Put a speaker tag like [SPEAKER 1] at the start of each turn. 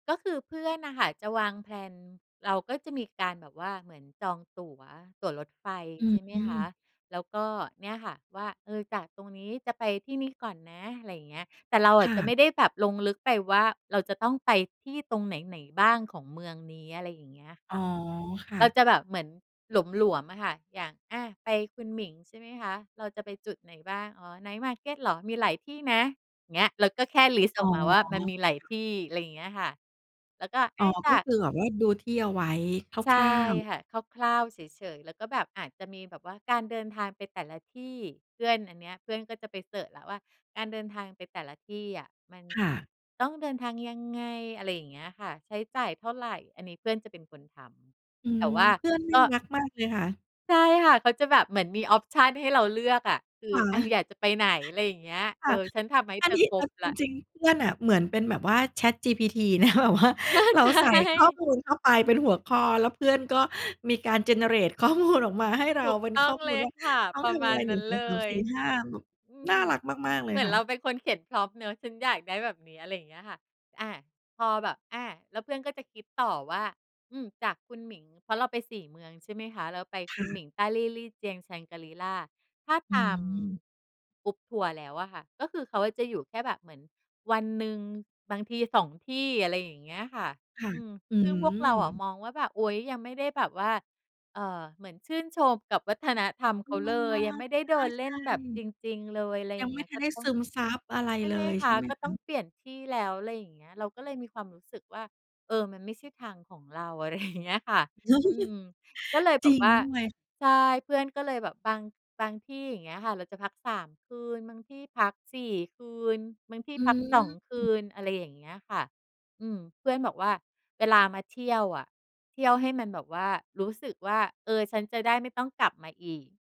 [SPEAKER 1] ก็คือเพื่อนน่ะค่ะ จะวางแพลน เราก็จะมีการแบบว่าเหมือนจองตั๋ว ตั๋วรถไฟ
[SPEAKER 2] อื
[SPEAKER 1] ใช่ไหมคะ
[SPEAKER 2] ม
[SPEAKER 1] แล้วก็ เนี่ยค่ะ ว่า เอ่อ จากตรงนี้จะไปที่นี่ก่อนนะ อะไรอย่างเงี้ย แต่เราอ
[SPEAKER 2] ค
[SPEAKER 1] ะ
[SPEAKER 2] ่
[SPEAKER 1] จะไม
[SPEAKER 2] ะ
[SPEAKER 1] ่ได้แบบลงลึกไปว่า เราจะต้องไปที่ตรงไหน ๆ บ้างของเมืองนี้ อะไรอย่างเงี้ยค
[SPEAKER 2] อ๋
[SPEAKER 1] ่
[SPEAKER 2] อ
[SPEAKER 1] ะ
[SPEAKER 2] ค่
[SPEAKER 1] ก
[SPEAKER 2] ะ
[SPEAKER 1] ็จะแบบเหมือนหลวม ๆ อะค่ะ อย่าง อะ ไปคุณหมิงใช่ไหมคะ เราจะไปจุดไหนบ้าง อ๋อ ไนต์มาร์เก็ตเหรอ มีหลายที่นะ เงี้ย เราก็แค่ list
[SPEAKER 2] อ
[SPEAKER 1] อ
[SPEAKER 2] ๋อ
[SPEAKER 1] อกมาว่า มันมี
[SPEAKER 2] ค
[SPEAKER 1] หลาย
[SPEAKER 2] ่
[SPEAKER 1] ท
[SPEAKER 2] ะ
[SPEAKER 1] ี่ ไรอย่างเงี้ยค่ะ แล้วก็ อ
[SPEAKER 2] อ๋อ
[SPEAKER 1] ้ายต
[SPEAKER 2] ก็
[SPEAKER 1] ะ
[SPEAKER 2] คือ แบบว่าดูที่เอาไว้
[SPEAKER 1] ใช
[SPEAKER 2] ค
[SPEAKER 1] ่
[SPEAKER 2] ร่าว ๆ
[SPEAKER 1] ค่ะ คร่าว ๆ เฉย ๆ แล้วก็แบบอาจจะมีแบบว่าการเดินทางไปแต่ละที่ เพื่อน อันเนี้ย เพื่อนก็จะไปเซิร์ชแล้วว่า การเดินทางไปแต่ละที่อะ มัน
[SPEAKER 2] ค่ะ
[SPEAKER 1] ต้องเดินทางยังไง? อะไรอย่างเงี้ยค่ะ ใช้จ่ายเท่าไร? อันนี้เพื่อนจะเป็นคนท
[SPEAKER 2] อื
[SPEAKER 1] ำ แต่
[SPEAKER 2] ม
[SPEAKER 1] ว่า
[SPEAKER 2] เพื่อนน
[SPEAKER 1] ก
[SPEAKER 2] ่า
[SPEAKER 1] ็
[SPEAKER 2] รักมากเลยค่ะ
[SPEAKER 1] ใช่ค่ะ เขาจะแบบเหมือนมี ออปชัน ให้เราเลือกอะ คือ
[SPEAKER 2] ค่
[SPEAKER 1] อะ
[SPEAKER 2] ะ
[SPEAKER 1] อยากจะไปไหน ไรอย่างเงี้ย เ
[SPEAKER 2] ค
[SPEAKER 1] ออ
[SPEAKER 2] ่ะ
[SPEAKER 1] ฉันทำให้
[SPEAKER 2] อ
[SPEAKER 1] เ
[SPEAKER 2] ั
[SPEAKER 1] ธ
[SPEAKER 2] น
[SPEAKER 1] อ
[SPEAKER 2] นี้
[SPEAKER 1] คร
[SPEAKER 2] เอ
[SPEAKER 1] บ
[SPEAKER 2] า
[SPEAKER 1] แล
[SPEAKER 2] จ
[SPEAKER 1] ้ว
[SPEAKER 2] ริง ๆ เพื่อนน่ะเหมือนเป็นแบบว่า ChatGPT นะ แบบว่า เราใส่ข้อมูลเข้าไปเป็นหัวข้อ แล้วเพื่อนก็มีการ generate ข้อมูล ออกมาให้เร
[SPEAKER 1] ถ
[SPEAKER 2] า
[SPEAKER 1] ูก
[SPEAKER 2] เป็น
[SPEAKER 1] ต้
[SPEAKER 2] ข
[SPEAKER 1] อ
[SPEAKER 2] ้
[SPEAKER 1] ง
[SPEAKER 2] อม
[SPEAKER 1] เ
[SPEAKER 2] ู
[SPEAKER 1] ล
[SPEAKER 2] ล
[SPEAKER 1] ย
[SPEAKER 2] ว่า
[SPEAKER 1] ค่ะ
[SPEAKER 2] ต้อ
[SPEAKER 1] ป
[SPEAKER 2] ง
[SPEAKER 1] ร
[SPEAKER 2] ท
[SPEAKER 1] ะม
[SPEAKER 2] ำอ
[SPEAKER 1] า
[SPEAKER 2] ะไ
[SPEAKER 1] ณ
[SPEAKER 2] ร ห
[SPEAKER 1] น
[SPEAKER 2] น
[SPEAKER 1] ั
[SPEAKER 2] ึ่
[SPEAKER 1] ้
[SPEAKER 2] ง
[SPEAKER 1] น
[SPEAKER 2] สอ
[SPEAKER 1] เ
[SPEAKER 2] ง
[SPEAKER 1] ล
[SPEAKER 2] สาม
[SPEAKER 1] ย
[SPEAKER 2] สี่ห้า แบบ
[SPEAKER 1] อื
[SPEAKER 2] น่
[SPEAKER 1] ม
[SPEAKER 2] ารักมาก ๆ เล
[SPEAKER 1] เหม
[SPEAKER 2] ย
[SPEAKER 1] ือน
[SPEAKER 2] ค่
[SPEAKER 1] เรา
[SPEAKER 2] ะ
[SPEAKER 1] เป็นคนเขียน Prompt เนาะ ฉันอยากได้แบบเนี้ย อะไรเงี้ยค่ะ อา พอแบบ อา แล้วเพื่อนก็จะคิดต่อว่า อืม จากคุณหมิง เพราะเราไป 4 เมืองใช่ไหมคะ เราไป
[SPEAKER 2] ค
[SPEAKER 1] คุ
[SPEAKER 2] ่
[SPEAKER 1] นหม
[SPEAKER 2] ะ
[SPEAKER 1] ิง Dali Lijiang Shangri-La ถ้า
[SPEAKER 2] อื
[SPEAKER 1] ตาม
[SPEAKER 2] ม
[SPEAKER 1] Group ทัวร์แล้วอะค่ะ ก็คือ เขาอะจะอยู่แค่แบบเหมือนวันหนึ่งบางที 2 ที่ อะไรอย่างเงี้ยค่ะ
[SPEAKER 2] ค่ะ
[SPEAKER 1] อืม
[SPEAKER 2] อื
[SPEAKER 1] ซึ่งพวกเราอะ
[SPEAKER 2] ม
[SPEAKER 1] มองว่าแบบ อุ๊ย ยังไม่ได้แบบว่า เอ่อ เหมือนชื่นชมกับวัฒนธรรม
[SPEAKER 2] เอ
[SPEAKER 1] เข
[SPEAKER 2] อ
[SPEAKER 1] าเลย ยังไม่ได้เดินเล
[SPEAKER 2] ใช
[SPEAKER 1] ่น
[SPEAKER 2] ่
[SPEAKER 1] แบบจริง ๆ เลย ไร
[SPEAKER 2] ๆ ย
[SPEAKER 1] อ
[SPEAKER 2] ั
[SPEAKER 1] ย่
[SPEAKER 2] ง
[SPEAKER 1] าง
[SPEAKER 2] ไ
[SPEAKER 1] เ
[SPEAKER 2] ม
[SPEAKER 1] ง
[SPEAKER 2] ่
[SPEAKER 1] ี้ย
[SPEAKER 2] ทั
[SPEAKER 1] ก
[SPEAKER 2] น
[SPEAKER 1] ็
[SPEAKER 2] ได้
[SPEAKER 1] ต้อ
[SPEAKER 2] ซ
[SPEAKER 1] ง
[SPEAKER 2] ึมซับอะไร
[SPEAKER 1] ใช่
[SPEAKER 2] เล
[SPEAKER 1] ไหม
[SPEAKER 2] ย
[SPEAKER 1] ค
[SPEAKER 2] ใช่
[SPEAKER 1] ะ
[SPEAKER 2] ไหม
[SPEAKER 1] ก็
[SPEAKER 2] ค
[SPEAKER 1] ต้
[SPEAKER 2] ะ?
[SPEAKER 1] องเปลี่ยนที่แล้ว ไรอย่างเงี้ย เราก็เลยมีความรู้สึกว่า เออ มันไม่ใช่ทางของเรา อะไร อย่างเงี้ยค่ะ อืม ก็เลยแ
[SPEAKER 2] จ
[SPEAKER 1] บ
[SPEAKER 2] ร
[SPEAKER 1] บ
[SPEAKER 2] ิง
[SPEAKER 1] ว่า
[SPEAKER 2] ด้วย
[SPEAKER 1] ใช่ เพื่อนก็เลยแบบบาง บางที่ อย่างเงี้ยค่ะ เราจะพัก 3 คืน บางที่พัก 4 คืน บางที่
[SPEAKER 2] อ
[SPEAKER 1] พัก 2 คื
[SPEAKER 2] ืม
[SPEAKER 1] น อะไรอย่างเงี้ยค่ะ อืม เพื่อนบอกว่า "เวลามาเที่ยวอะ เที่ยวให้มันแบบว่า รู้สึกว่า เออ ฉันจะได้ไม่ต้องกลับมาอีก"